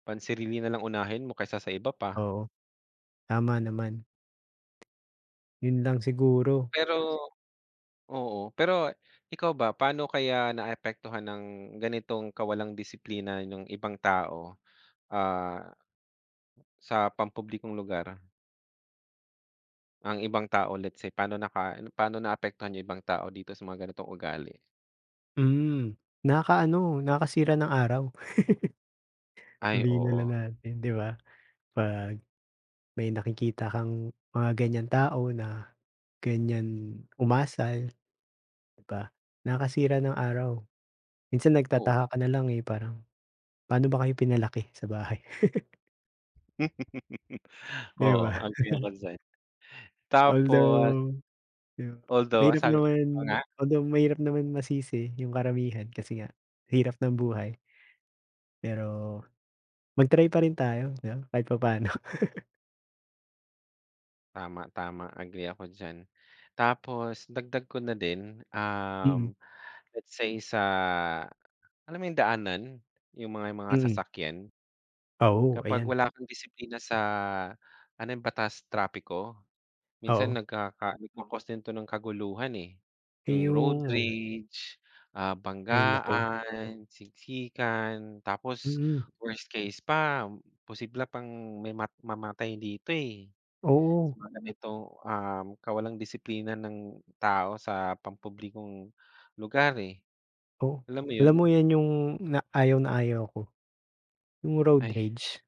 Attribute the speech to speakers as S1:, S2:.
S1: Pansarili nalang unahin mo kaysa sa iba pa.
S2: Oo. Tama naman. Yun lang siguro.
S1: Pero, oo pero ikaw ba paano kaya naapektuhan ng ganitong kawalang disiplina nung ibang tao? Ah Sa pampublikong lugar? Ang ibang tao let's say pano naka ano pano naapektuhan yung ibang tao dito sa mga ganitong ugali?
S2: Mm, nakaka ano, nakasira ng araw.
S1: Ay
S2: Sabihin nalang
S1: oo.
S2: natin di ba? Pag may nakikita kang mga ganyang tao na ganyan umasal. Di ba? Nakasira ng araw. Minsan
S1: Oo.
S2: nagtataka ka nalang eh parang, pano ba kayo pinalaki sa bahay? Di
S1: Oo,
S2: ba?
S1: agree ako diyan. Tapos.
S2: Although di ba,
S1: Although, ang
S2: mahirap
S1: sabi mo
S2: naman,
S1: pa nga.
S2: although mahirap naman masisi yung karamihan kasi nga hirap ng buhay. Pero mag-try pa rin tayo. Di ba kahit papaano.
S1: Tama tama agree ako diyan. Tapos dagdag ko na din um
S2: Mm.
S1: let's say sa, alam mo yung daanan? Yung mga mga
S2: Mm.
S1: sasakyan?
S2: Oo
S1: Kapag
S2: ayan.
S1: wala kang disiplina sa ano yun batas trapiko,
S2: Oo.
S1: minsan nagkaka nagco-cause din ito ng kaguluhan eh yung road
S2: Ayun.
S1: rage ah,
S2: Hay naku.
S1: banggaan, siksikan, tapos
S2: Mm.
S1: worst case pa posible pang may ma mamatay dito eh. Sa
S2: Oo.
S1: mga ganitong um kawalang disiplina ng tao sa pampublikong lugar eh.
S2: Oo.
S1: Alam mo
S2: Alam
S1: yun?
S2: mo yan yung na ayaw na ayaw ko, yung road
S1: Ay.
S2: rage